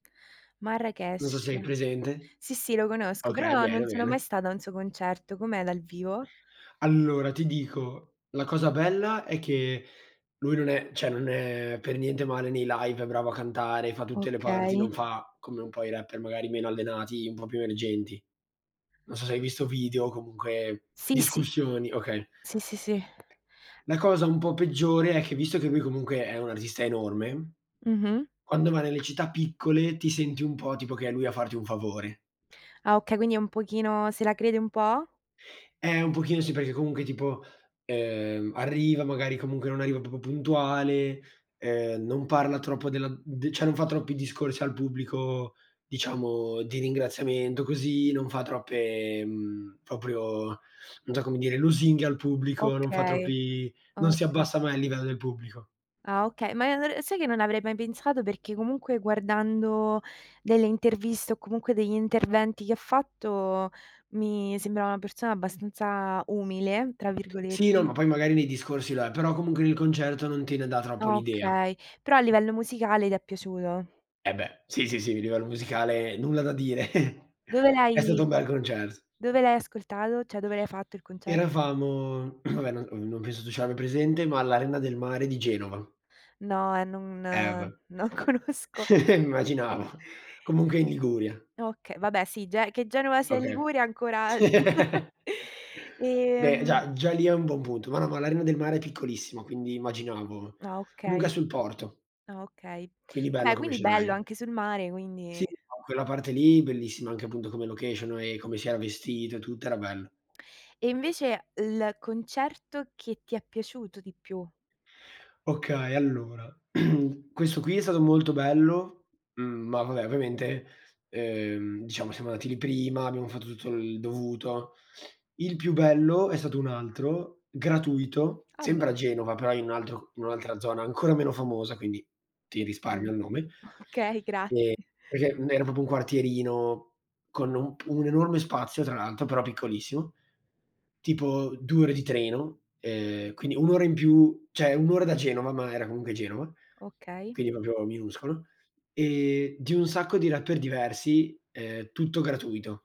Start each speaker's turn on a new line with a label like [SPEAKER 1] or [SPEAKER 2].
[SPEAKER 1] Non so
[SPEAKER 2] Marracash.
[SPEAKER 1] se hai presente.
[SPEAKER 2] Sì, sì, lo conosco,
[SPEAKER 1] Okay,
[SPEAKER 2] però non
[SPEAKER 1] bene,
[SPEAKER 2] sono mai
[SPEAKER 1] bene.
[SPEAKER 2] stata a un suo concerto, com'è dal vivo?
[SPEAKER 1] Allora, ti dico, la cosa bella è che lui non è cioè, non è per niente male nei live, è bravo a cantare, fa tutte le parti,
[SPEAKER 2] Okay.
[SPEAKER 1] non fa come un po' i rapper magari meno allenati, un po' più emergenti. Non so se hai visto video o comunque
[SPEAKER 2] Sì, sì.
[SPEAKER 1] discussioni okay.
[SPEAKER 2] Sì, sì, sì.
[SPEAKER 1] La cosa un po' peggiore è che, visto che lui, comunque, è un artista enorme,
[SPEAKER 2] Mh-mh.
[SPEAKER 1] quando va nelle città piccole ti senti un po', tipo, che è lui a farti un favore.
[SPEAKER 2] Ah, okay, quindi è un pochino se la crede un po'?
[SPEAKER 1] Eh, un pochino sì, perché comunque, tipo, ehm, arriva, magari, comunque, non arriva proprio puntuale, ehm, non parla troppo della mhmm, d cioè, non fa troppi discorsi al pubblico, diciamo, di ringraziamento, così, non fa troppe, mhmm, proprio, non so come dire, lusinghe al pubblico, non fa
[SPEAKER 2] Okay,
[SPEAKER 1] troppi non si
[SPEAKER 2] oka
[SPEAKER 1] abbassa mai al livello del pubblico.
[SPEAKER 2] Ah, okay, ma [unintelligible] sai che non avrei mai pensato, perché, comunque, guardando delle interviste o comunque degli interventi che ha fatto, mi sembrava una persona abbastanza "umile", tra virgole
[SPEAKER 1] Sì, no, ma poi, magari, nei discorsi lo è. Però, comunque, nel concerto non te ne dà troppo l'idea.
[SPEAKER 2] Okay, però a livello musicale ti è piaciuto.
[SPEAKER 1] Eh beh, sì, sì, sì, il livello musicale, nulla da dire.
[SPEAKER 2] Dove
[SPEAKER 1] È stato
[SPEAKER 2] l'hai
[SPEAKER 1] un bel concerto.
[SPEAKER 2] dove l'hai ascoltato? Cioè, dove l'hai fatto il concert
[SPEAKER 1] Eravamo, vabbè non ovv non penso tu ce l'abbia presente, ma all'Arena del Mare di Genova.
[SPEAKER 2] No, eh, non
[SPEAKER 1] Eh beh,
[SPEAKER 2] non conosco.
[SPEAKER 1] immaginavo. Comunque, è in Liguria.
[SPEAKER 2] Oka vabbè, sì, Ge che Genova sia in
[SPEAKER 1] Oka
[SPEAKER 2] Liguria ancora c e,
[SPEAKER 1] Beh,
[SPEAKER 2] mhmm
[SPEAKER 1] già già lì è un buon punto. Ma no, ma l'Arena del Mare è piccolissima, quindi, immaginavo.
[SPEAKER 2] Ah,
[SPEAKER 1] Comunque, è
[SPEAKER 2] okay.
[SPEAKER 1] sul porto
[SPEAKER 2] Ah, okay.
[SPEAKER 1] quindi bello,
[SPEAKER 2] Vabbè,
[SPEAKER 1] come
[SPEAKER 2] quindi bello,
[SPEAKER 1] scenario.
[SPEAKER 2] anche sul mare, quindi
[SPEAKER 1] Sì, [unintelligible] quella parte lì, bellissima, anche appunto come location e come si era vestito e tutto, era bello.
[SPEAKER 2] E invece l concerto che ti è piaciuto di più?
[SPEAKER 1] Okay, allora, questo qui è stato molto bello, mhmm, ma, vabbè, ovviamente, ehm, diciamo, siamo andati lì prima, abbiamo fatto tutto il dovuto. Il più bello è stato un altro, gratuito,
[SPEAKER 2] Ah. beh.
[SPEAKER 1] sempre a Genova, però in un altro c in un'altra zona, ancora meno famosa, quindi, ti risparmio
[SPEAKER 2] Oka
[SPEAKER 1] il nome.
[SPEAKER 2] okay, grazie.
[SPEAKER 1] E perché era proprio un quartierino, con un pu un enorme spazio, tra l'altro, però piccolissimo, tipo, due ore di treno, ehm, quindi un'ora in più cioè, un'ora da Genova, ma era comunque Genova,
[SPEAKER 2] Okay.
[SPEAKER 1] quindi, proprio minuscolo, e di un sacco di rapper diversi, ehm, tutto gratuito.